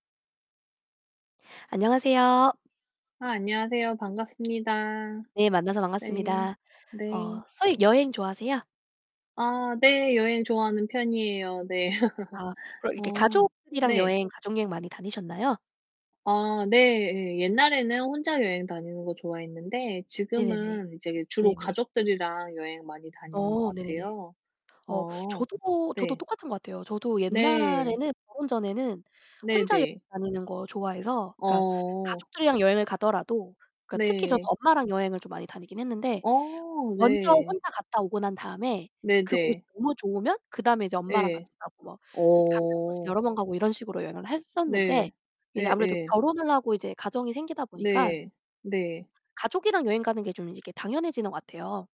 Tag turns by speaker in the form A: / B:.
A: 안녕하세요.
B: 아, 안녕하세요. 반갑습니다.
A: 네, 만나서
B: 네.
A: 반갑습니다. 어
B: 네.
A: 선생님 여행 좋아하세요?
B: 아, 네. 여행 좋아하는 편이에요. 네.
A: 아, 그럼 이렇게
B: 어,
A: 가족이랑
B: 네.
A: 여행 가족 여행 많이 다니셨나요?
B: 아, 네예. 옛날에는 혼자 여행 다니는 거 좋아했는데
A: 네네네.
B: 지금은 이제 주로
A: 네네.
B: 가족들이랑 여행 많이 다니는 것
A: 어, 네네네.
B: 같아요.
A: 어,
B: 어,
A: 저도 저도
B: 네.
A: 똑같은 것 같아요. 저도
B: 네.
A: 옛날에는 결혼 전에는 혼자 여행
B: 네네.
A: 다니는 거 좋아해서 그러니까
B: 어.
A: 가족들이랑 여행을 가더라도 그러니까 특히 저는
B: 네.
A: 엄마랑 여행을 좀 많이 다니긴 했는데
B: 어
A: 먼저
B: 네.
A: 혼자 갔다 오고 난 다음에 그곳이
B: 네네.
A: 너무 좋으면 그다음에 이제 엄마랑
B: 예.
A: 같이 가고 막 그러니까 같은 곳을
B: 어.
A: 여러 번 가고 이런 식으로 여행을
B: 네.
A: 했었는데 이제 아무래도
B: 예예.
A: 결혼을 하고 이제 가정이 생기다 보니까
B: 네. 네.
A: 가족이랑 여행 가는 게 좀 이제 이렇게 당연해지는 것 같아요.